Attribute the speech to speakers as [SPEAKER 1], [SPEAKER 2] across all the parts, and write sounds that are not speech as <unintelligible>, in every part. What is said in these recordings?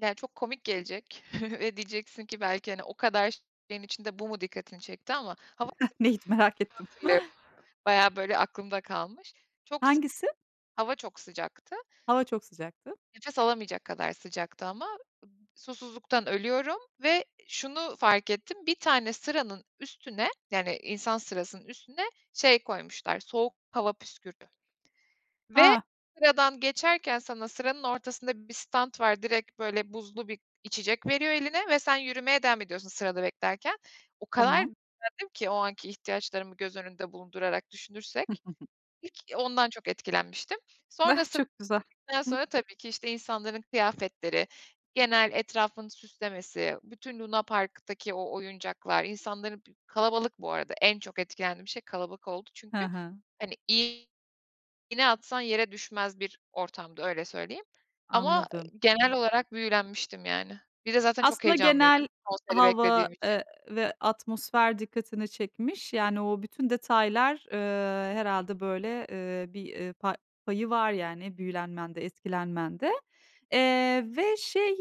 [SPEAKER 1] Yani, çok komik gelecek ve <chuckles> diyeceksin ki, belki, hani, o kadar şeyin içinde bu mu dikkatini çekti ama,
[SPEAKER 2] Hah, neydi? Merak ettim.
[SPEAKER 1] <unintelligible> böyle, aklımda kalmış çok, sı
[SPEAKER 2] Hangisi?
[SPEAKER 1] hava çok sıcaktı
[SPEAKER 2] Hava çok sıcaktı.
[SPEAKER 1] nefes alamayacak kadar sıcaktı ama ım susuzluktan ölüyorum ve şunu fark ettim, bir tane sıranın üstüne, yani, insan sırasının üstüne şey koymuşlar, soğuk hava püskür ve
[SPEAKER 2] Ha.
[SPEAKER 1] sıradan geçerken sana sıranın ortasında bir stant var, direkt, böyle, buzlu bir içecek veriyor eline ve sen yürümeye devam ediyorsun sırada beklerken. O kadar
[SPEAKER 2] Tamam.
[SPEAKER 1] <unintelligible> ki, o anki ihtiyaçlarımı göz önünde bulundurarak düşünürsek,
[SPEAKER 2] <chuckles>
[SPEAKER 1] ilk, eee, ondan çok etkilenmiştim.
[SPEAKER 2] Ah,
[SPEAKER 1] Sonrasın
[SPEAKER 2] çok güzel.
[SPEAKER 1] <unintelligible>
[SPEAKER 2] Hıh.
[SPEAKER 1] sonra tabii ki, işte, insanların kıyafetleri, genel etrafını süslemesi, bütün lunaparktaki o oyuncaklar, insanların b kalabalık bu arada, en çok etkilendiğim şey kalabalık oldu
[SPEAKER 2] Hı
[SPEAKER 1] çünkü.
[SPEAKER 2] hı.
[SPEAKER 1] Hani, iğ iğne atsan yere düşmez bir ortamdı, öyle söyleyeyim, ama
[SPEAKER 2] Anladım.
[SPEAKER 1] genel olarak büyülenmiştim, yani. Bir de, zaten, çok
[SPEAKER 2] Aslında, genel
[SPEAKER 1] heyecanlıydım konseri
[SPEAKER 2] hava,
[SPEAKER 1] beklediğim için.
[SPEAKER 2] eee, ve atmosfer dikkatini çekmiş. Yani, o bütün detaylar, ııı, herhâlde böyle, ııı, bir, ııı, pa payı var, yani, büyülenmende, etkilenmende. Eee, ve, şey,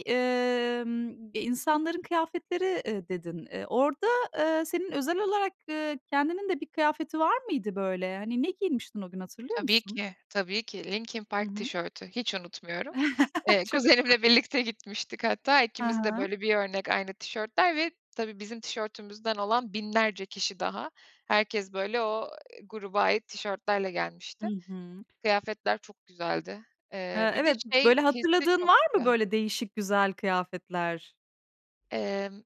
[SPEAKER 2] ımm, e, insanların kıyafetleri, ııı, dedin. Iıı, orada, ııı, senin özel olarak, ııı, kendinin de bir kıyafeti var mıydı, böyle? Hani, ne giymiştin o gün, hatırlıyor
[SPEAKER 1] Tabii
[SPEAKER 2] musun?
[SPEAKER 1] ki, tabii ki. Linkin
[SPEAKER 2] Hı
[SPEAKER 1] Park
[SPEAKER 2] hı.
[SPEAKER 1] tişörtü hiç unutmuyorum.
[SPEAKER 2] <chuckles>
[SPEAKER 1] Eee,
[SPEAKER 2] Çok güzel.
[SPEAKER 1] kuzenimle birlikte gitmiştik, hatta
[SPEAKER 2] Hı
[SPEAKER 1] ikimiz de,
[SPEAKER 2] hı.
[SPEAKER 1] böyle, bir örnek aynı tişörtler ve tabii bizim tişörtümüzden olan binlerce kişi daha herkes, böyle, o, eee, gruba ait tişörtlerle
[SPEAKER 2] Hı
[SPEAKER 1] gelmişti,
[SPEAKER 2] hı.
[SPEAKER 1] kıyafetler çok güzeldi,
[SPEAKER 2] He,
[SPEAKER 1] eee, bir de,
[SPEAKER 2] evet,
[SPEAKER 1] şey,
[SPEAKER 2] böyle,
[SPEAKER 1] hissi
[SPEAKER 2] hatırladığın
[SPEAKER 1] çok
[SPEAKER 2] var mı?
[SPEAKER 1] güzel.
[SPEAKER 2] Böyle, değişik güzel kıyafetler?
[SPEAKER 1] Emm